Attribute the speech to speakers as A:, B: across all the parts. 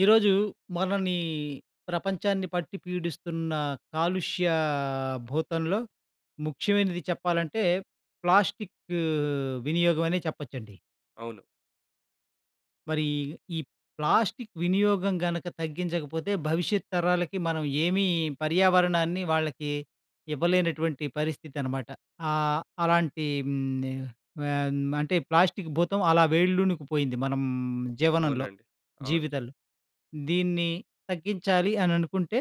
A: ఈరోజు మనని ప్రపంచాన్ని పట్టి పీడిస్తున్న కాలుష్య భూతంలో ముఖ్యమైనది చెప్పాలంటే ప్లాస్టిక్ వినియోగమనే చెప్పొచ్చండి.
B: అవును.
A: మరి ఈ ప్లాస్టిక్ వినియోగం గనక తగ్గించకపోతే భవిష్యత్తు తరాలకి మనం ఏమీ పర్యావరణాన్ని వాళ్ళకి ఇవ్వలేనటువంటి పరిస్థితనమాట. ఆహ్, అలాంటి హ్మ్. ఆహ్, అంటే ప్లాస్టిక్ భూతం అలా వేళ్లునుకు పోయింది మనం జీవనంలో,
B: అవునండి. అవును.
A: జీవితంలో. దీన్ని తగ్గించాలి అని అనుకుంటే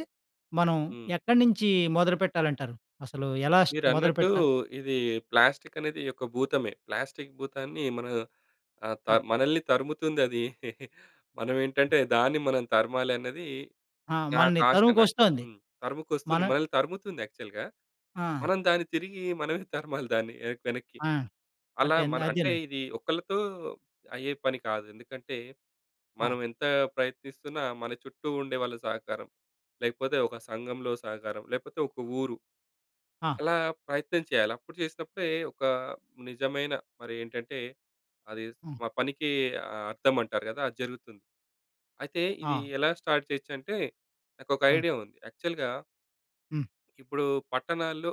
A: మనం
B: హ్మ్.
A: ఎక్కడి నుంచి మొదలుపెట్టాలంటారు? అసలు ఎలా స్టా
B: మీరన్నట్టు
A: మొదలుపెట్టా
B: ఇది ప్లాస్టికనేది యొక్క భూతమే ప్లాస్టిక్ భూతాన్ని మనం
A: అ!
B: ఆహ్, మనల్ని తరుముతుందది.
A: అ!
B: మనమేంటంటే దాన్ని మనం తరమాలన్నది
A: ఆ! మనల్ని
B: నాకాశ నాకు.
A: తరుముకొస్తోంది.
B: తరుముకొస్తుంది.
A: మన
B: మనల్ని తరుముతుంది యాక్చువల్‌గా.
A: ఆ!
B: మనం దాన్ని తిరిగి మనమే తరమాలి దాన్ని వెన వెనక్కి.
A: ఆ!
B: అలా
A: అంటే
B: మన అంటే
A: అదేనండి.
B: ఇది ఒక్కళ్ళతో అయ్యే పని కాదు. ఎందుకంటే
A: ఆ!
B: మనం ఎంత ప్రయత్నిస్తున్నా, మన చుట్టూ ఉండే వాళ్ళ సహకారం, లేకపోతే ఒక సంఘంలో సహకారం, లేకపోతే ఒక ఊరు
A: ఆ!
B: ఎలా ప్రయత్నం చేయాలా. అప్పుడు చేసినప్పుడే ఒక నిజమైన మరి ఏంటంటే అది
A: ఆ!
B: మా పనికి ఆహ్, అర్థమంటారు కదా! అది జరుగుతుంది. అయితే ఇది
A: ఆ!
B: ఎలాగా స్టార్ట్ చేయొచ్చు అంటే నాకోక
A: అ!
B: ఐడియా ఉంది. యాక్చువల్‌గా
A: హ్మ్.
B: ఇప్పుడు పట్టణాల్లో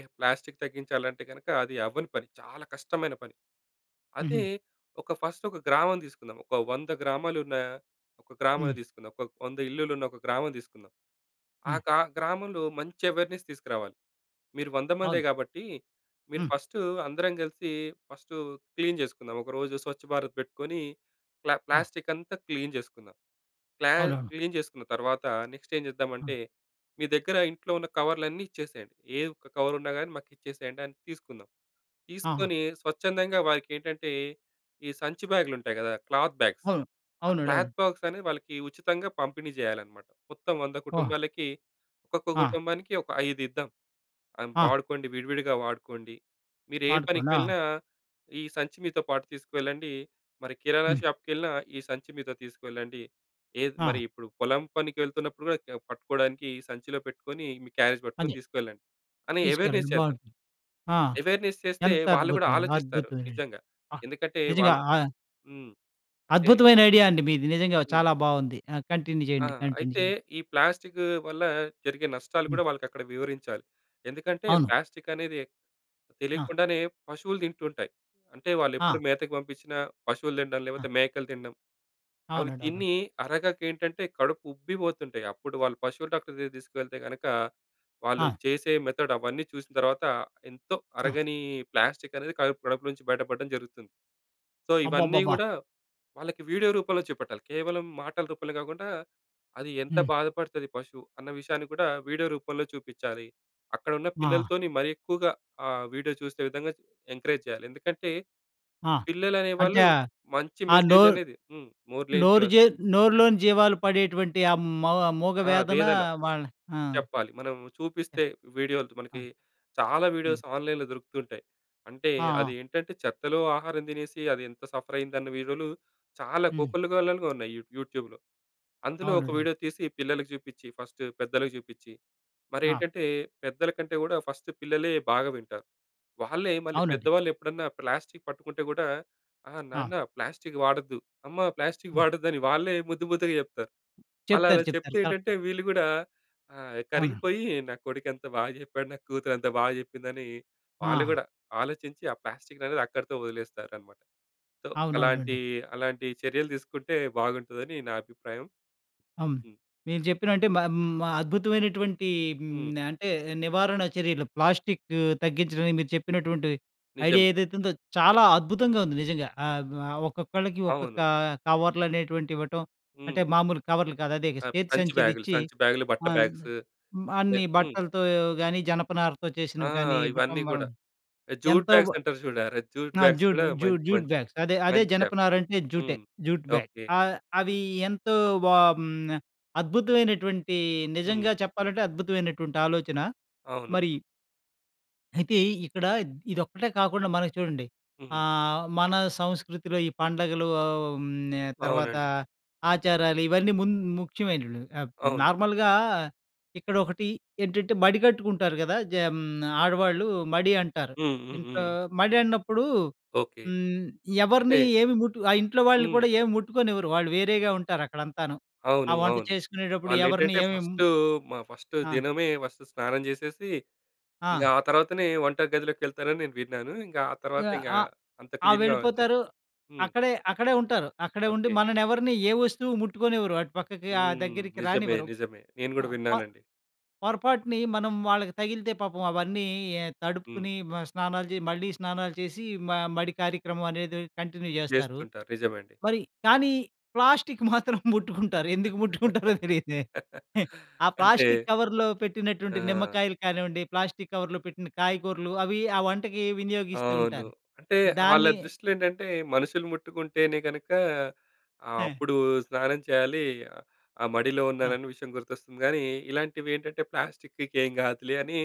B: ఎ ప్లాస్టిక్ తగ్గించాలంటే గనక అది అవ్వని పని. చాలా కష్టమైన పని. అదే
A: హుహు.
B: ఒక ఫస్ట్ ఒక గ్రామం తీసుకుందాం. ఒక 100 గ్రామాలున్న ఒక గ్రామాన్ని
A: హ్మ్.
B: తీసుకుందాం. ఒక 100 ఇల్లులున్న ఒక గ్రామం తీసుకుందాం. ఆ
A: హ్మ్.
B: గ్రా గ్రామంలో మంచి అవేర్నెస్ తీసుకురావాలి. మీరు 100 మందే
A: అవును.
B: కాబట్టి, మీరు
A: హ్మ్.
B: ఫస్టు అందరం కలిసి ఫస్టు క్లీన్ చేసుకుందాం ఒకరోజు స్వచ్ఛ భారత్ పెట్టుకొని ప్లా
A: ఆ!
B: ప్లాస్టికంతా క్లీన్ చేసుకుందాం. ప్లా
A: అవునవును.
B: క్లీన్ చేసుకున్న తర్వాత నెక్స్ట్ ఏం చేద్దామంటే,
A: ఆ!
B: మీ దగ్గర ఇంట్లో ఉన్న కవర్లన్నీ ఇచ్చేసేయండి. ఏ ఒక్క కవరున్నా కాని మాకిచ్చేసేయండని తీసుకుందాం.
A: ఆ!
B: తీసుకొని స్వచ్ఛందంగా వారికి ఏంటంటే ఈ సంచి బ్యాగులు ఉంటాయి కదా! క్లాత్ బ్యాగ్స్
A: అవును.
B: ఆ
A: అవునండవును.
B: క్లాత్ బాగ్స్ అనేది వాళ్ళకి ఉచితంగా పంపిణీ చేయాలన్నమాట. మొత్తం 100
A: ఆ!
B: కుటుంబాలకి ఒక్కొక్క
A: ఆ!
B: కుటుంబానికి ఒక ఐదిద్దాం.
A: ఆ!
B: వాడుకోండి, విడివిడిగా వాడుకోండి. మీరే పనికి
A: వాడుకొనా?
B: వెళ్ళినా ఈ సంచి మీతో పాటు తీసుకెళ్ళండి. మరి కిరాణా
A: హ్మ్.
B: షాపుకెళ్ళినా ఈ సంచి మీతో తీసుకెళ్ళండి. ఏ మరి
A: ఆ!
B: ఇప్పుడు పొలం పనికి వెళ్తున్నప్పుడు కూడా పట్టుకోడానికి ఈ సంచిలో పెట్టుకొని మీ క్యారేజ్ పట్టుకొని
A: అదే.
B: తీసుకెళ్ళండి అని అవేర్‌నెస్
A: తీసుకెళ్ళండి
B: చేద్దాం.
A: బావుంటుంది. ఆ!
B: అవేర్‌నెస్ చేస్తే వాళ్ళు కూడా
A: ఎంతద్భుతమండి.
B: ఆలోచిస్తారు.
A: అద్భుతమేనండి.
B: నిజంగా
A: ఆహ్,
B: ఎందుకంటే
A: నిజంగా.
B: వాళ్ళు
A: ఆహ్
B: హ్మ్. అంటే
A: అద్భుతమైన ఐడియా అండి మీది. నిజంగా
B: హ్మ్.
A: చాలా బాగుంది. ఆహ్, కంటిన్యూ చేయండి.
B: ఆహ్,
A: కంటిన్యూ
B: అయితే
A: చేయండి.
B: ఈ ప్లాస్టిక్ వల్ల జరిగే నష్టాలు
A: హ్మ్.
B: కూడా వాళ్ళకి అక్కడ వివరించాలి. ఎందుకంటే
A: అవును.
B: ప్లాస్టిక్ అనేది
A: ఆ!
B: తెలియకుండానే పశువులు తింటూ ఉంటాయి అంటే వాళ్ళు ఎప్పుడు
A: ఆ!
B: మేతకు పంపించిన పశువులు తినడం
A: ఆ!
B: లేకపోతే మేకలు తినడం అవి
A: అవునండి. అవును.
B: తిని అరగక ఏంటంటే కడుపు ఉబ్బిపోతుంటాయి అప్పుడు వాళ్ళు పశువులు డాక్టర్ దగ్గరకి తీసుకెళితే కనుక వాళ్ళు
A: ఆ!
B: చేసే మెథడ్ అవన్నీ చూసిన తర్వాత ఎంతో
A: ఆ!
B: అరగని ప్లాస్టిక్ అనేది కడుపు కడుపులో నుంచి బయటపడడం జరుగుతుంది. సో ఇవన్నీ
A: అబ్బబ్బబ్బా!
B: కూడా వాళ్ళకి వీడియో రూపంలో చూపట్టాలి. కేవలం మాటల రూపంలో కాకుండా అది ఎంత
A: హ్మ్.
B: బాధపడుతది పశువు అన్న విషయాన్ని కూడా వీడియో రూపంలో చూపించాలి. అక్కడున్న
A: ఆ!
B: పిల్లలతోని మరి ఎక్కువగా ఆ! వీడియో చూసే విధంగా ఎంకరేజ్ చేయాలి. ఎందుకంటే
A: ఆ!
B: పిల్లలు
A: అంటే
B: అనేవాళ్ళు
A: ఆ!
B: మంచి
A: ఆ నో
B: మెసేజ్ అనేది హ్మ్.
A: నోరు
B: [unintelligible]
A: జే నోరులోని జీవాలు పడేటువంటి ఆ మూ మూగ
B: ఆ!
A: వేదన
B: వేదన.
A: వాళ్ళ ఆ!
B: చెప్పాలి మనం
A: ఆ!
B: చూపిస్తే వీడియోలు
A: ఆ!
B: మనకి చాలా
A: హ్మ్.
B: వీడియోస్ ఆన్‍లైన్‌లో దొరుకుతూ ఉంటాయి. అంటే
A: ఆ!
B: అదేంటంటే చెత్తలో ఆహారం తినేసి అదెంత సఫరయ్యిందన్న వీడియోలు చాలా
A: హ్మ్.
B: కోకోల్లలుగా ఉన్నాయి యూట్యూబ్‍లో. అందులో ఒక
A: అవునండి. అవును.
B: వీడియో తీసి పిల్లలకి చూపించి, ఫస్టు పెద్దలకి చూపించి,
A: ఆ!
B: మరేంటంటే పెద్దల కంటే కూడా ఫస్ట్ పిల్లలే బాగా వింటారు. వాళ్ళే మళ్ళీ
A: అవునండి.
B: పెద్దవాళ్ళేప్పుడన్నా ప్లాస్టిక్ పట్టుకుంటే కూడా "ఆ!
A: ఆ!
B: నాన్న ప్లాస్టిక్ వాడొద్దు, అమ్మ ప్లాస్టిక్
A: హ్మ్.
B: వాడొద్దని", వాళ్ళే ముద్దు ముద్దుగా చెప్తారు. అలా
A: చెప్తారు.
B: అలా చెప్తే
A: చెప్తారు.
B: ఏంటంటే
A: కరెక్ట్.
B: వీళ్ళు కూడా ఆ!
A: అవునండి.
B: కరిగిపోయి, "నా కొడుకెంత బాగా చెప్పాడు, నా కూతురెంత బాగా చెప్పిందని" వాళ్ళు
A: ఆ!
B: కూడా ఆలోచించి, ఆ ప్లాస్టికనేది అక్కడితో వదిలేస్తారన్నమాట. సో అలాంటి
A: అవునవునండి.
B: అలాంటి చర్యలు తీసుకుంటే బాగుంటుందని నా అభిప్రాయం.
A: హ్మ్.
B: హ్మ్.
A: మీరు చెప్పినంటే హ్మ్, ఆహ్, అద్భుతమైనటువంటి హ్మ్.
B: హ్మ్.
A: అంటే నివారణ చర్యలు ప్లాస్టిక్ తగ్గించడానికి మీరు చెప్పినటువంటి ఐడియా
B: నిజమే.
A: ఏదైతే ఉందో చాలా అద్భుతంగా ఉంది నిజంగా. ఆహ్, ఆహ్ ఒక్కొక్కళ్ళకి
B: అవును.
A: ఒక్కొక్క కవర్లనేటువంటివి ఇవ్వటం, అంటే
B: హ్మ్.
A: మామూలు కవర్లు కాదు అదే
B: సం
A: చేతి
B: సంచి బ్యాగులు,
A: సంచిలిచ్చి,
B: సంచి బ్యాగులు, బట్ట
A: ఆహ్,
B: బ్యాగ్స్. లే
A: అన్ని
B: హ్మ్.
A: బట్టలతో గానీ, జనపనారతో
B: ఆ!
A: చేసినవి కానీ ఇవ్వటం
B: ఇవన్నీ కూడా.
A: వలన
B: జూట్
A: ఎంతో
B: బ్యాగ్స్ అంటారు చూడు జూట్
A: ఆ!
B: బ్యాగ్స్
A: జూ
B: కూడా
A: జూ
B: మంచి,
A: జూట్
B: మంచి,
A: బ్యాగ్స్ అదే అదే
B: మంచి స్టెప్.
A: జనపనారంటే జూటే
B: హ్మ్.
A: Jute bag,
B: okay.
A: ఆహ్, అవి ఎంతో బా అద్భుతమైనటువంటి
B: హ్మ్.
A: నిజంగా చెప్పాలంటే, అద్భుతమైనటువంటి ఆలోచన.
B: అవును.
A: మరి అయితే, ఇక్కడ ఇదొక్కటే కాకుండా మనకి చూడండి.
B: హుహు.
A: అహ్, మన సంస్కృతిలో ఈ పండుగలు హ్మ్, తర్వాత
B: అవునండి.
A: ఆచారాలు ఇవన్నీ ము ముఖ్యమైనవి. ఆహ్,
B: అవును.
A: నార్మల్‍గా ఇక్కడొకటి ఏంటంటే, మడి కట్టుకుంటారు కదా! జ హ్మ్, ఆడవాళ్ళు మడి అంటారు.
B: హ్మ్. హ్మ్.
A: ఇంట్లో
B: హ్మ్.
A: మడి అన్నప్పుడు
B: ఓకె.
A: హ్మ్,
B: అంటే
A: ఎవరిని ఏమి ముట్టు ఆ ఇంట్లో వాళ్ళని
B: హ్మ్.
A: కూడా ఏమి ముట్టుకోనివ్వరు. వాళ్ళు వేరేగా ఉంటారక్కడ అంతాను. ఆ
B: అవును.
A: వంట
B: అవును.
A: చేసుకునేటప్పుడు ఎవరిని
B: వాళ్లేంటంటే
A: ఏమి ము
B: ఫస్టు మా ఫస్ట్
A: ఆ!
B: దినమే ఫస్ట్ స్నానం చేసేసి, ఇంక
A: ఆ!
B: ఆ తర్వాతనే వంట గదిలోకెళ్తారని నేను విన్నాను. ఇంకా ఆ తర్వాత
A: ఆహ్,
B: ఇంకా
A: ఆహ్,
B: అంత
A: ఆ!
B: క్లీన్‌గా
A: వెళ్ళిపోతారు.
B: చేస్తారు. హ్మ్.
A: అక్కడే, అక్కడే ఉంటారు. అక్కడే ఉండి
B: ఓకె.
A: మనల్ని ఎవరిని ఏ వస్తువు ముట్టుకోనివ్వరు. అటు పక్కకి ఆ
B: హ్మ్,
A: దగ్గరికి
B: నిజమే,
A: రానివ్వరు.
B: నిజమే. నేను కూడా
A: ఆహ్, ప
B: విన్నానండి.
A: పొరపాటున మనం వాళ్ళకి తగిలితే పాపం అవన్నీ య
B: హ్మ్.
A: తడుపుకుని మ స్నానాలు చే మళ్ళీ స్నానాలు చేసి మ మడి కార్యక్రమం అనేది కంటిన్యూ చేస్తారు.
B: చేస్తుంటారు. నిజమండి.
A: మరి కానీ, ప్లాస్టిక్ మాత్రం ముట్టుకుంటారు. ఎందుకు ముట్టుకుంటారో తెలియదు. ఆ
B: అంటే
A: ప్లాస్టిక్ కవర్‌లో పెట్టినటువంటి
B: ఆ!
A: నిమ్మకాయలు కానివ్వండి, ప్లాస్టిక్ కవర్‌లో పెట్టిన కాయగూరలు అవి ఆ వంటకి వినియోగిస్తూ
B: అవును.
A: ఉంటారు.
B: అంటే వాళ్ళ
A: దాన్ని
B: దృష్టిలో ఏంటంటే, మనుషులు ముట్టుకుంటేనే కనుక ఆహ్,
A: ఆ!
B: అప్పుడు స్నానం చేయాలి. ఆ మడిలో
A: ఆ!
B: ఉన్నానని విషయం గుర్తొస్తుంది కానీ. ఇలాంటివి ఏంటంటే ప్లాస్టిక్‌కి ఏం కాదులే అని,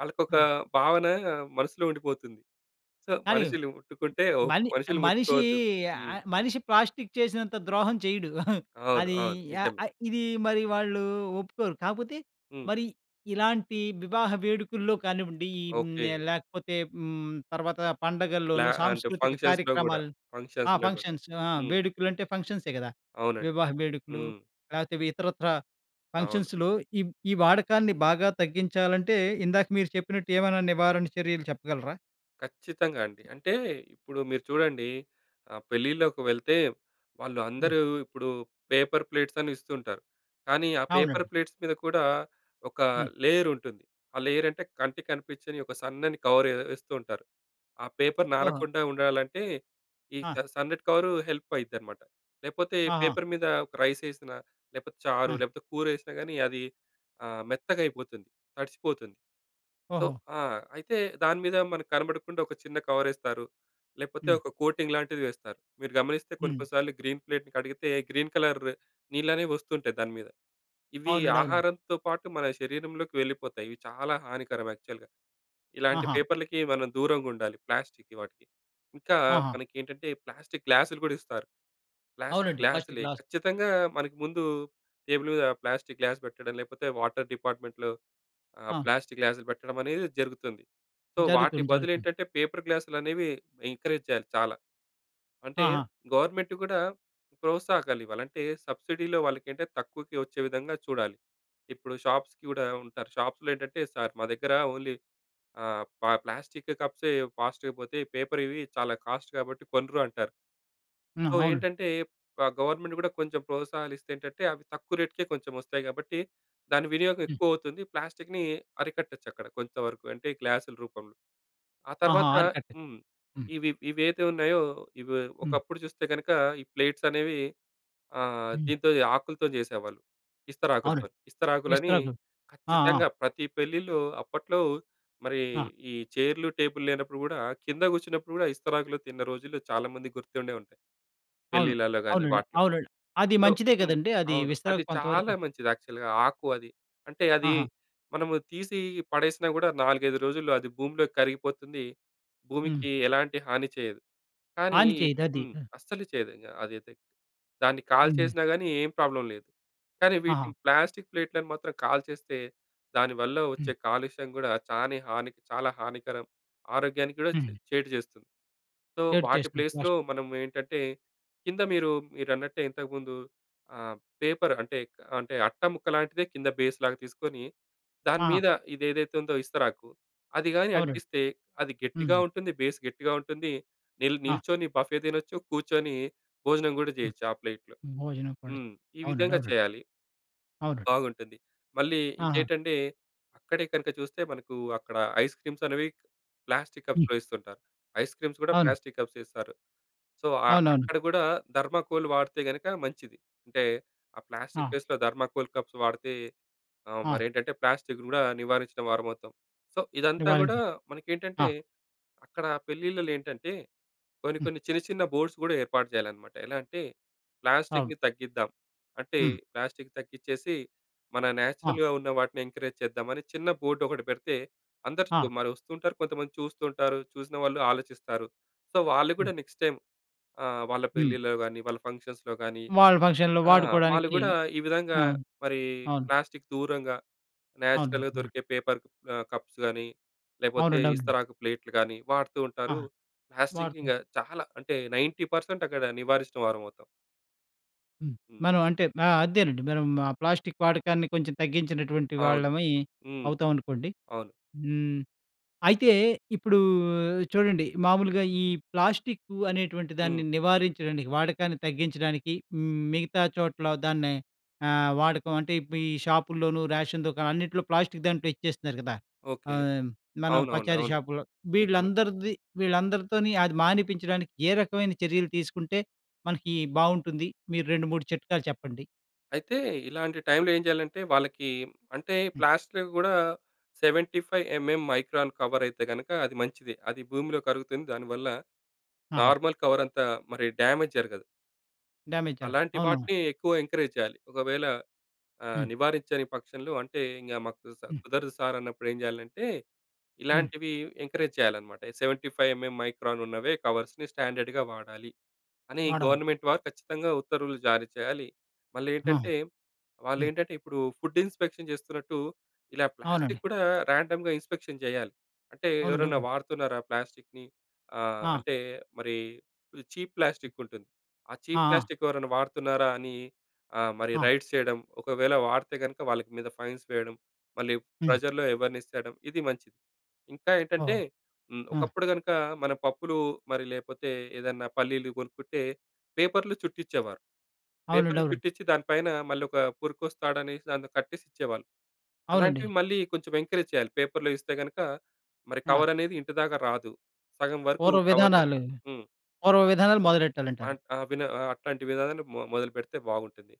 B: వాళ్ళకొక
A: ఆ!
B: భావన మనసులో ఉండిపోతుంది. సో,
A: కానీ,
B: మనుషులు ముట్టుకుంటే ఓప్
A: మని
B: మనుషులు
A: మనిషి
B: ముట్టుకోవద్దు.
A: య
B: హ్మ్.
A: ఆహ్, మనిషి ప్లాస్టిక్ చేసినంత ద్రోహం చేయడు.
B: అవును.
A: అది
B: అవును.
A: య
B: నిజమే.
A: ఆహ్, ఇది మరి వాళ్ళు ఒప్పుకోరు. కాకపోతే,
B: హ్మ్.
A: మరి ఇలాంటి వివాహ వేడుకల్లో కానివ్వండి, హ్మ్, య
B: ఓకె.
A: లేకపోతే హ్మ్, తర్వాత
B: ఇట్ల
A: పండుగల్లోను
B: అంటే
A: సాంస్కృతిక
B: ఫంక్షన్స్‌లో కూడా,
A: కార్యక్రమాలు. ఆ!
B: ఫంక్షన్స్‌లో కూడా.
A: ఫంక్షన్స్
B: హ్మ్.
A: వేడుకలు అంటే, ఫంక్షన్సే కదా
B: అవునండి.
A: వివాహ వేడుకలు.
B: హ్మ్.
A: లేకపోతే, ఇతరత్రా
B: అవును.
A: ఫంక్షన్స్‌లో ఈ ఈ వాడకాన్ని బాగా తగ్గించాలంటే ఇందాక మీరు చెప్పినట్టు ఏమైనా నివారణ చర్యలు చెప్పగలరా?
B: ఖచ్చితంగా అండి. అంటే ఇప్పుడు మీరు చూడండి ఆహ్, పెళ్ళిలోకి వెళ్తే, వాళ్ళు
A: హ్మ్.
B: అందరూ ఇప్పుడు పేపర్ ప్లేట్సని ఇస్తూ ఉంటారు. కానీ, ఆ పేపర్
A: అవునండి.
B: ప్లేట్స్ మీద కూడా, ఒక
A: హ్మ్.
B: లేయర్ ఉంటుంది. ఆ లేయర్ అంటే కంటికి కనిపించని ఒక సన్నని కవర్ వేస్తూ ఉంటారు. ఆ పేపర్
A: ఓహో!
B: నానకుండా ఉండాలంటే, ఈ
A: ఆ!
B: చ సన్నటి కవరు హెల్ప్ అయిద్దనమాట. లేకపోతే,
A: ఆహా!
B: పేపర్ మీద ఒక రైస్ వేసినా, లేకపోతే చారు,
A: ఆ!
B: లేకపోతే కూర వేసినా కాని అది ఆహ్, మెత్తగా అయిపోతుంది, తడిచిపోతుంది. సో
A: ఓహో!
B: ఆ! అయితే దాని మీద మనకు కనపడకుండా ఒక చిన్న కవరేస్తారు. లేకపోతే,
A: హ్మ్.
B: ఒక కోటింగ్ లాంటిది వేస్తారు. మీరు గమనిస్తే కొన్ని,
A: హ్మ్.
B: కొన్ని సార్లు గ్రీన్ ప్లేట్‌ని కడిగితే గ్రీన్ కలర్ నీళ్ళనేవి వస్తుంటాయి దాని మీద. ఇవి
A: అవునండి. అవునండి.
B: ఆహారంతో పాటు మన శరీరంలోకి వెళ్ళిపోతాయి. ఇవి చాలా హానికరం యాక్చువల్‌గా. ఇలాంటి
A: ఆహా!
B: పేపర్లకి మనం దూరంగా ఉండాలి ప్లాస్టిక్ వాటికి. ఇంకా
A: ఆహా!
B: మనకేంటంటే, ప్లాస్టిక్ గ్లాసులు కూడా ఇస్తారు. ప్లాస్టిక్
A: అవునండి. ఫస్ట్
B: గ్లాసులే,
A: గ్లాస్.
B: ఖచ్చితంగా మనకి ముందు టేబుల్ మీద ప్లాస్టిక్ గ్లాస్ పెట్టడం, లేకపోతే వాటర్ డిపార్ట్మెంట్‌లో ఆహ్,
A: ఆ!
B: ప్లాస్టిక్ గ్లాసులు పెట్టడమనేది జరుగుతుంది. సో, వాటి
A: జరుగుతుంది.
B: బదులు
A: జరుగుతుంది.
B: ఏంటంటే, పేపర్ గ్లాసులనేవి ఎంకరేజ్ చేయాలి చాలా. అంటే,
A: ఆహా!
B: గవర్నమెంట్ కూడా ప్రోత్సాహాగాలివ్వాలి, అంటే సబ్సిడీలో వాళ్ళకి అంటే తక్కువకి వచ్చే విధంగా చూడాలి. ఇప్పుడు షాప్స్‌కి కూడా ఉంటారు. షాప్స్‌లో ఏంటంటే, సార్, మా దగ్గర ఓన్లీ ఆహ్, ప ప్లాస్టిక్ కప్సే ఫాస్ట్‌గా పోతాయి. పేపర్‌వి చాలా కాస్ట్ కాబట్టి కొనరు అంటారు.
A: హ్మ్,
B: సో,
A: అవునండి.
B: ఏంటంటే ఆహ్, గవర్నమెంట్ కూడా కొంచెం ప్రోత్సాహాలు ఇస్తే, ఏంటంటే అవి తక్కువ రేట్‌కే కొంచెం వస్తాయి. కాబట్టి దాని వినియోగం
A: హ్మ్.
B: ఎక్కువ అవుతుంది. ప్లాస్టిక్‌ని అరికట్టొచ్చక్కడ. కొంత వరకు అంటే గ్లాసుల రూపంలో. ఆ
A: ఆహా!
B: తర్వాత
A: ఆరికట్టే
B: హ్మ్.
A: హ్మ్.
B: ఇవి ఇవైతే ఉన్నాయో ఇవి
A: హ్మ్.
B: ఒకప్పుడు చూస్తే, కనుక ఈ ప్లేట్సనేవి ఆహ్,
A: హ్మ్.
B: దీంతో ఆకులతో చేసేవాళ్ళు.
A: అవునండి.
B: ఇస్తరాకులతోని. ఇస్తరాకులని
A: ఇస్తరాకులు. ఆ! ఆ!
B: ఖచ్చితంగా ప్రతి పెళ్ళిలో అప్పట్లో మరీ
A: ఆ!
B: ఈ చైర్లు, టేబుల్ లేనప్పుడు కూడా కింద కూర్చున్నప్పుడు కూడా ఇస్తరాకులు తిన్న రోజుల్లో చాలామంది గుర్తుండే ఉంటాయి.
A: అవును.
B: పెళ్ళిళ్ళలో గాని
A: అవునండి.
B: వాటిలో.
A: అవునండి. అది
B: సో
A: మంచిదే
B: హ్మ్.
A: కదండీ. అది
B: అవును, అది
A: విస్తరాకు
B: చాలా
A: కొంతవరకు.
B: మంచిది యాక్చువల్‌గా ఆకు అది. అంటే, అది
A: ఆహా!
B: మనము తీసి పడేసినా కూడా నాలుగైదు రోజుల్లో అది భూమిలో కరిగిపోతుంది.
A: హుహు.
B: భూమికి ఎలాంటి హాని చేయదు. కానీ
A: హాని
B: ఈ
A: చేయదది.
B: హ్మ్.
A: హ్మ్.
B: అస్సలు చేయదు అదైతే. దాన్ని
A: హ్మ్.
B: కాల్చేసినా కానీ ఏం ప్రాబ్లమ్ లేదు. కానీ
A: ఆహా!
B: వీటిని ప్లాస్టిక్ ప్లేట్లను మాత్రం కాల్చేస్తే, దానివల్ల వచ్చే
A: హ్మ్.
B: కాలుష్యం కూడా చాని హాని చాలా హానికరం. ఆరోగ్యానికి కూడా చే
A: హ్మ్.
B: చేటు చేస్తుంది. సో,
A: చేడు
B: వాటి
A: చేస్తుంది. పోష్
B: ప్లేస్‌లో మనం ఏంటంటే కింద మీరు మీరన్నట్టే ఇంతకుందు ఆహ్, పేపర్ అంటే అంటే అట్ట ముక్క లాంటిదే కింద బేస్ లాగా తీసుకొని, దాని
A: ఆహా!
B: మీద ఇది ఏదైతే ఉందో ఇస్తరాకు, అది గాని
A: అవునండి.
B: అంటిస్తే అది గట్టిగా
A: హ్మ్.
B: ఉంటుంది. బేస్ గట్టిగా ఉంటుంది. నిల్
A: ఆ!
B: నిల్చొని బఫే తినొచ్చు, కూర్చొని భోజనం కూడా
A: హ్మ్.
B: చేయొచ్చు ఆ ప్లేట్‌లో.
A: భోజనం కూడా,
B: హ్మ్. ఈ
A: అవునండి.
B: విధంగా
A: అవునండి.
B: చేయాలి.
A: అవునండి.
B: బాగుంటుంది. మళ్ళీ
A: ఆహా!
B: ఇంకేంటంటే, అక్కడే కనుక చూస్తే మనకు అక్కడ ఐస్ క్రీమ్స్ అనేవి ప్లాస్టిక్
A: హ్మ్.
B: కప్స్‌లో ఇస్తుంటారు. ఐస్ క్రీమ్స్ కూడా
A: అవును.
B: ప్లాస్టిక్ కప్సే ఇస్తారు. సో, అ
A: అవునవును.
B: అక్కడ కూడా థర్మాకోల్ వాడితే గనుక మంచిది. అంటే ఆ ప్లాస్టిక్
A: ఆ!
B: ప్లేస్‌లో థర్మాకోల్ కప్స్ వాడితే ఆహ్,
A: ఆ!
B: మరి ఏంటంటే ప్లాస్టిక్‌ని కూడా నివారించిన వారవుతాం. సో, ఇదంతా కూడా
A: నివారించి. ఆ!
B: మనకేంటంటే అక్కడ పెళ్ళిళ్ళలో ఏంటంటే కొన్ని,
A: హ్మ్.
B: కొన్ని చిన్న, చిన్న బోర్డ్స్ కూడా ఏర్పాటు చేయాలన్నమాట. ఎలా అంటే
A: అవును.
B: ప్లాస్టిక్‌ని తగ్గిద్దాం. అంటే
A: హ్మ్.
B: ప్లాస్టిక్ తగ్గిచ్చేసి మన
A: ఆ!
B: నేచురల్‌గా ఉన్న వాటిని ఎంకరేజ్ చేద్దామని చిన్న బోర్డ్ ఒకటి పెడితే,
A: ఆ!
B: అందరు మరి వస్తుంటారు. కొంతమంది చూస్తుంటారు. చూసిన వాళ్ళు ఆలోచిస్తారు. సో, వాళ్ళు
A: హ్మ్.
B: కూడా నెక్స్ట్ టైమ్ ఆహ్, వాళ్ళ
A: హ్మ్.
B: పెళ్ళిలో గాని వాళ్ళ ఫంక్షన్స్‌లో గాని
A: వాళ్ళ ఫంక్షన్‌లో
B: ఆ! వాళ్ళు
A: వాడుకోవడానికి.
B: కూడా ఈ విధంగా
A: ఆ!
B: మరి
A: అవును.
B: ప్లాస్టిక్ దూరంగా,
A: అవునండి.
B: నేచురల్‍గా
A: అవునండి.
B: దొరికే పేపర్ ఆహ్, కప్స్ గాని, లేకపోతే,
A: అవునండి. అవునండి.
B: ఇస్తరాకు ప్లేట్‌లు గాని వాడుతూ ఉంటారు.
A: ఆహా!
B: ప్లాస్టిక్
A: వాడుతరు.
B: ఇంకా చాలా అంటే 90% అక్కడ నివారించినవారమవుతాం.
A: హ్మ్.
B: హ్మ్.
A: మనం అంటే ఆహ్, అదేనండి మనం ఆ ప్లాస్టిక్ వాడకాన్ని కొంచెం తగ్గించినటువంటి
B: అవును.
A: వాళ్ళమై
B: హ్మ్.
A: అవుతామనుకోండి.
B: అవును.
A: హ్మ్. అయితే ఇప్పుడూ చూడండి మామూలుగా ఈ ప్లాస్టిక్కూ అనేటువంటి దాన్ని
B: హ్మ్.
A: నివారించడానికి, వాడకాన్ని తగ్గించడానికి మిగతా చోట్ల దాన్ని ఆహ్, వాడకం అంటే ఈ ప్ షాపుల్లోను రేషన్ దుకాణాలు అన్నిట్లో ప్లాస్టిక్ దాంట్లో ఇచ్చేస్తున్నారు కదా!
B: ఓకె.
A: ఆహ్, మనం
B: అవునవును.
A: పచారీ
B: అవును.
A: షాపులో.
B: నిజమే.
A: వీళ్ళందరిది, వీళ్ళందరితోని అది మానిపించడానికి ఏ రకమైన చర్యలు తీసుకుంటే మనకి బాగుంటుంది. మీరు 2, 3 చిట్కాలు చెప్పండి.
B: అయితే ఇలాంటి టైమ్‌లో ఏం చేయాలంటే వాళ్ళకి అంటే
A: హ్మ్.
B: ప్లాస్ట్‌లో కూడా 75 ఎంఎం మైక్రాన్ కవర్ అయితే గనుక అది మంచిది. అది భూమిలో కరుగుతుంది దానివల్ల
A: ఆహా!
B: నార్మల్ కవర్ అంతా మరి డ్యామేజ్ జరగదు.
A: డ్యామేజ్ జరగదు.
B: అలాంటి
A: అవునవును.
B: వాటిని ఎక్కువ ఎంకరేజ్ చేయాలి. ఒకవేళ ఆహ్,
A: హ్మ్.
B: నివారించని పక్షంలో అంటే ఇంక మాకు
A: హ్మ్.
B: కుదరదు సార్ అన్నప్పుడు ఏం చేయాలంటే,
A: హ్మ్.
B: ఇలాంటివి ఎంకరేజ్ చేయాలనమాట. 75 ఎంఎం మైక్రాన్ ఉన్నవే కవర్స్‌ని స్టాండర్డ్‌గా వాడాలి. అని
A: వాడాలి.
B: గవర్నమెంట్ వారు ఖచ్చితంగా ఉత్తర్వులు జారీ చేయాలి. మళ్ళీ
A: అవును.
B: ఏంటంటే వాళ్ళు
A: హ్మ్.
B: ఏంటంటే ఇప్పుడు ఫుడ్ ఇన్‌స్పెక్షన్ చేస్తున్నట్టు ఇలా
A: అవునండి.
B: ప్లాస్టిక్ కూడా రాండమ్‌గా ఇన్‌స్పెక్షన్ చేయాలి. అంటే
A: అవునండి.
B: ఎవరన్న
A: అవునండి.
B: వాడుతున్నారా ప్లాస్టిక్‌ని ఆహ్,
A: ఆ!
B: అంటే మరి చీప్ ప్లాస్టిక్ ఉంటుంది. ఆ
A: ఆ!
B: చీప్
A: ఆ!
B: ప్లాస్టిక్ ఎవరైనా వాడుతున్నారా అని ఆహ్, మరి
A: ఆ!
B: రైడ్స్ చేయడం. ఒకవేళ వాడితే గనక వాళ్ళకి మీద ఫైన్స్ వేయడం. మళ్ళీ
A: హ్మ్.
B: ప్రజల్లో ఎవర్నెస్ తేడం ఇది మంచిది. ఇంకా ఏంటంటే,
A: ఓహ్!
B: హ్మ్.
A: ఆ!
B: ఒకప్పుడు కనుక మన పప్పులు మరి లేపోతే ఏదన్నా పల్లీలు కొనుక్కుంటే పేపర్‌లు చుట్టించేవారు.
A: అవునండి.
B: పేపర్‌లు
A: అవునండి.
B: చుట్టించి దాని పైన మళ్ళీ ఒక పురుకొస తాడు అనేసి కట్టేసిచ్చేవాళ్ళు.
A: అవునండి.
B: అలాంటివి మళ్ళీ కొంచెం ఎంకరేజ్ చేయాలి. పేపర్‌లో ఇస్తే గనక మరి
A: ఆ!
B: కవరనేది ఇంటి దాకా రాదు. సగం వరకు
A: పూర్వ
B: కవర్‌ని
A: విధానాలు,
B: హ్మ్.
A: పూర్వ విధానాలు మొదలెట్టాలంటారు.
B: మాంట్ ఆ! విన ఆ! అట్లాంటి విధానాలు మొ మొదలుపెడితే బాగుంటుంది.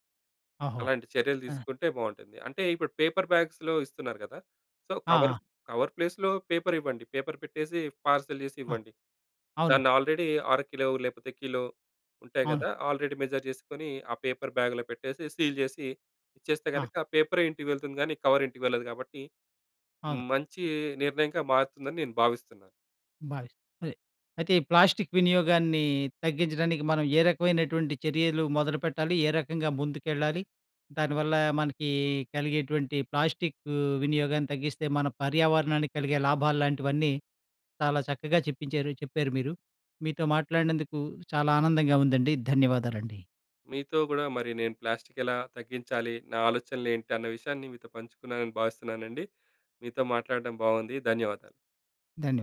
A: ఓహో!
B: అలాంటి చర్యలు
A: ఆ!
B: తీసుకుంటే బాగుంటుంది. అంటే ఇప్పుడు పేపర్ బ్యాగ్స్‌లో ఇస్తున్నారు కదా! సో, కవరు
A: ఆ!
B: కవర్ ప్లేస్‌లో పేపర్ ఇవ్వండి పేపర్ పెట్టేసి పార్సెల్ చేసి
A: అ!
B: ఇవ్వండి.
A: అవును.
B: దాన్ని ఆల్రెడీ అర కిలో లేకపోతే కిలో ఉంటాయి
A: అవును.
B: కదా! ఆల్రెడీ మెజర్ చేసుకొని ఆ పేపర్ బ్యాగ్‌లో పెట్టేసి సీల్ చేసి ఇచ్చేస్తే
A: ఆ!
B: గనక పేపరే ఇంటికి వెళ్తుంది కానీ కవర్ ఇంటికి వెళ్ళదు కాబట్టి
A: అవును.
B: మంచి నిర్ణయంగా మారుతుందని నేను భావిస్తున్నాను.
A: భావిస్తా అదే. అయితే ఈ ప్లాస్టిక్ వినియోగాన్ని తగ్గించడానికి మనం ఏ రకమైనటువంటి చర్యలు మొదలుపెట్టాలి, ఏ రకంగా ముందుకెళ్లాలి, దానివల్ల మనకి కలిగేటువంటి ప్లాస్టిక్ వినియోగాన్ని తగ్గిస్తే మన పర్యావరణాన్ని కలిగే లాభాల్లాంటివన్నీ చాలా చక్కగా చెప్పించారు చెప్పారు మీరు. మీతో మాట్లాడినందుకు చాలా ఆనందంగా ఉందండి. ధన్యవాదాలండి.
B: మీతో కూడా మరి నేను ప్లాస్టిక్ ఎలా తగ్గించాలి, నా ఆలోచనలు ఏంటి అన్న విషయాన్ని మీతో పంచుకున్నానని భావిస్తున్నానండి. మీతో మాట్లాడటం బాగుంది. ధన్యవాదాలు.
A: ధన్యవాదాలు.